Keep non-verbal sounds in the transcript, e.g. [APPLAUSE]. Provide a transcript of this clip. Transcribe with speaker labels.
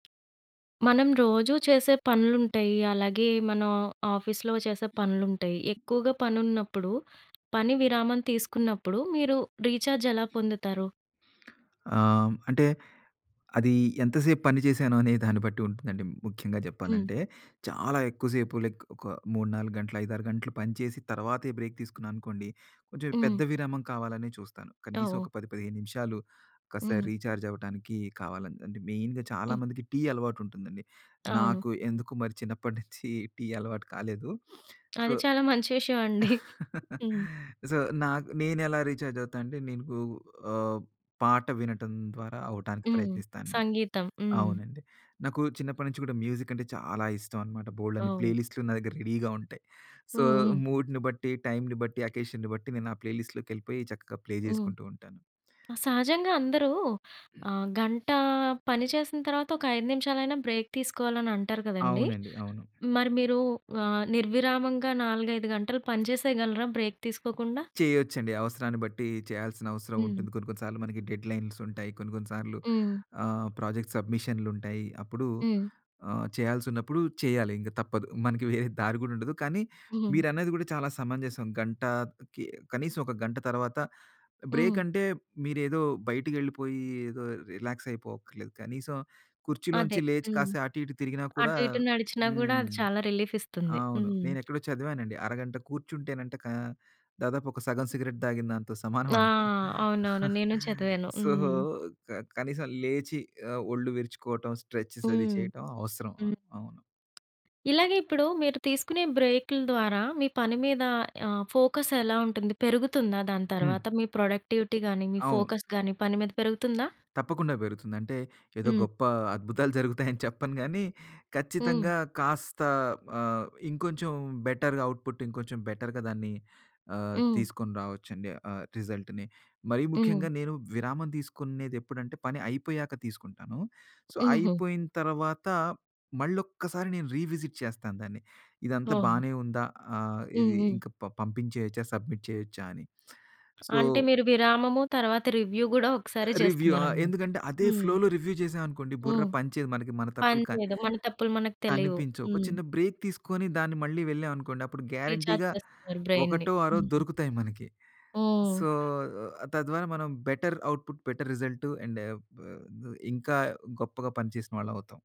Speaker 1: మనం రోజూ చేసే పనులుంటాయి. అలాగే మనం ఆఫీస్‌లో చేసే పనులుంటాయి. ఎక్కువగా పనున్నప్పుడు పని విరామం తీసుకున్నప్పుడు మీరు రీచార్జ్ ఎలా పొందుతారు?
Speaker 2: ఆహ్, అంటే అది ఎంత సేపు పని చేశాను అనే దాన్ని బట్టి ఉంటుందండి ముఖ్యంగా
Speaker 1: హ్మ్.
Speaker 2: జెప్పాలంటే. చాలా ఎక్కువ సేపు లైక్ ఒక 3, 4 గంటలు, 5, 6 గంటలు పని చేసి తర్వాతే బ్రేక్ తీసుకున్నా అనుకోండి, కొంచెం పెద్ద
Speaker 1: హ్మ్.
Speaker 2: విరామం కావాలనే చూస్తాను. కనీసం
Speaker 1: ఓహ్!
Speaker 2: ఒక 10, 15 నిమిషాలు కాస్త
Speaker 1: హ్మ్.
Speaker 2: రీచార్జ్ అవ్వటానికి కావాలంతే. అంటే మెయిన్‌గా చాలా
Speaker 1: హ్మ్.
Speaker 2: మందికి టీ అలవాటు ఉంటుందండి.
Speaker 1: అవును.
Speaker 2: నాకు ఎందుకు మరి చిన్నప్పటి [GIGGLES] నుంచి టీ అలవాటు కాలేదు. [SNIFFS] సో
Speaker 1: అది చాలా మంచి విషయమండి. [GIGGLES]
Speaker 2: [CHUCKLES]
Speaker 1: హ్మ్.
Speaker 2: సో, నాకు నేనేలా రీచార్జ్ అవుతానంటే నేను గూ ఆహ్, పాట వినటం ద్వారా అవ్వటానికి
Speaker 1: హ్మ్.
Speaker 2: ప్రయత్నిస్తాను.
Speaker 1: సంగీతం. హ్మ్.
Speaker 2: అవునండి. నాకు చిన్నప్పటి నుంచి గూడా మ్యూజిక్ అంటే చాలా ఇష్టం అనమాట. బోలెడన్ని ప్లే
Speaker 1: ఓహ్!
Speaker 2: లిస్టులు నా దగ్గర రెడీగా ఉంటాయి. సో
Speaker 1: హ్మ్. హ్మ్.
Speaker 2: మూడ్‌ని బట్టి, టైమ్‌ని బట్టి, అకేషన్‌ని బట్టి నేను ఆ ప్లే లిస్ట్‌‌లోకెళ్ళిపోయి చక్కగా ప్లే
Speaker 1: హ్మ్.
Speaker 2: జేసుకుంటూ ఉంటాను.
Speaker 1: సహజంగా అందరూ ఆహ్, గంట పని చేసిన తర్వాత ఒక 5 నిమిషాలైనా బ్రేక్ తీసుకోవాలని అంటారు గదండీ!
Speaker 2: అవునండి. అవును.
Speaker 1: మరి మీరు ఆహ్, నిర్విరామంగా 4, 5 గంటలు పని చేసేయగలరా బ్రేక్ తీసుకోకుండా?
Speaker 2: చేయొచ్చండి. అవసరాన్ని బట్టి చేయాల్సిన అవసరం
Speaker 1: హ్మ్.
Speaker 2: ఉంటుంది. కొన్ని కొన్ని సార్లు మనకి డెడ్‌లైన్స్ ఉంటాయి. కొన్ని కొన్ని సార్లు
Speaker 1: హ్మ్.
Speaker 2: ఆహ్, ప్రాజెక్ట్ సబ్మిషన్లుంటాయి. అప్పుడు
Speaker 1: హ్మ్.
Speaker 2: ఆహ్, చేయాల్సునప్పుడు చేయాలి ఇంక తప్పదు. మనకి వేరే దారి గూడా ఉండదు. కానీ
Speaker 1: హ్మ్.
Speaker 2: మీరన్నది గూడా చాలా సమంజసం. గంట కి కనీసం ఒక గంట తర్వాత బ్రేక్
Speaker 1: హ్మ్.
Speaker 2: అంటే మీరేదో బయటికెళ్ళిపోయి ఏదో రిలాక్స్ అయిపోవక్కర్లేదు. కనీసం కుర్చీలోంచి
Speaker 1: అదే.
Speaker 2: లేచి
Speaker 1: హ్మ్.
Speaker 2: కాస్త అటు ఇటు తిరిగినా కూడా
Speaker 1: అటు ఇటు నడిచినా గూడా అది
Speaker 2: హ్మ్.
Speaker 1: చాలా రిలీఫ్ ఇస్తుంది.
Speaker 2: అవును.
Speaker 1: హ్మ్.
Speaker 2: నేనేక్కడో చదివానండి అరగంట కూర్చుంటేనంట కా దాదాపు ఒక సగం సిగరెట్ తాగిన దాంతో
Speaker 1: ఆ!
Speaker 2: సమానమంట.
Speaker 1: అవునవును.
Speaker 2: [CHUCKLES]
Speaker 1: నేను చదివాను.
Speaker 2: సో,
Speaker 1: హ్మ్.
Speaker 2: క కనీసం లేచి ఆహ్, ఒళ్ళు విరుచుకోవటం, స్ట్రెచెస్ అది
Speaker 1: హ్మ్.
Speaker 2: చేయటం అవసరం. ఆ!
Speaker 1: హ్మ్.
Speaker 2: అవును.
Speaker 1: ఇలాగే ఇప్పుడు మీరు తీసుకునే బ్రేకులు ద్వారా మీ పని మీద ఆహ్, ఫోకస్ ఎలా ఉంటుంది? పెరుగుతుందా దాని
Speaker 2: హ్మ్.
Speaker 1: తర్వాత మీ ప్రొడక్టివిటీ గాని, మీ
Speaker 2: అవును.
Speaker 1: ఫోకస్ గాని పని మీద పెరుగుతుందా?
Speaker 2: తప్పకుండా బెరుగుతుంది. అంటే ఏదో
Speaker 1: హ్మ్.
Speaker 2: గొప్ప అద్భుతాలు జరుగుతాయి అని చెప్పను గాని
Speaker 1: హ్మ్.
Speaker 2: ఖచ్చితంగా కాస్త ఆహ్, ఇంకొంచెం బెటర్‌గా అవుట్‌పుట్ ఇంకొంచెం బెటర్‌గా దాన్ని ఆహ్,
Speaker 1: హ్మ్.
Speaker 2: తీసుకొని రావచ్చండి. ఆహ్, రిజల్ట్‌ని. మరీ
Speaker 1: హ్మ్.
Speaker 2: ముఖ్యంగా నేను విరామం దీసుకునేది ఎప్పుడంటే పని అయిపోయాక తీసుకుంటాను. సో,
Speaker 1: హుహు.
Speaker 2: అయిపోయిన తర్వాత మళ్ళొక్కసారి నేను రీవిజిట్ చేస్తాను దాన్ని. ఇదంతా
Speaker 1: ఓహో!
Speaker 2: బానే ఉందా? ఆహ్,
Speaker 1: హ్మ్.
Speaker 2: ఇది
Speaker 1: హ్మ్.
Speaker 2: ఇంకా ప పంపించేయొచ్చా సబ్మిట్ చేయొచ్చా అని. సో
Speaker 1: అంటే మీరు విరామము తర్వాత రివ్యూ గూడా
Speaker 2: ఆహ్,
Speaker 1: ఒక్కసారే
Speaker 2: రివ్యూ ఆ!
Speaker 1: చేస్తున్నారన్నమాట.
Speaker 2: ఎందుకంటే అదే
Speaker 1: హ్మ్.
Speaker 2: ఫ్లోలో రివ్యూ జేసాం అనుకోండి బుర్ర
Speaker 1: హ్మ్.
Speaker 2: పనిచేయదు. మనకి మన
Speaker 1: పని
Speaker 2: తప్పులు క...
Speaker 1: చేయదు. మన తప్పులు మనకి తెలీవు.
Speaker 2: కనిపించవు. ఒక
Speaker 1: హ్మ్.
Speaker 2: చిన్న బ్రేక్ తీసుకొని దాన్ని మళ్ళీ వెళ్ళాం అనుకోండి అప్పుడు
Speaker 1: రీచార్జ్
Speaker 2: గ్యారంటీ‌గా
Speaker 1: చేస్తున్నారు బ్రైన్‌ని.
Speaker 2: ఒకటో అరో
Speaker 1: హ్మ్.
Speaker 2: దొరుకుతాయి మనకి. సో,
Speaker 1: హ్మ్.
Speaker 2: ఆహ్, తద్వారా మనం better output, better result and బ్ ద్ ఇంకా గొప్పగా పని చేసిన వాళ్ళం అవుతాం.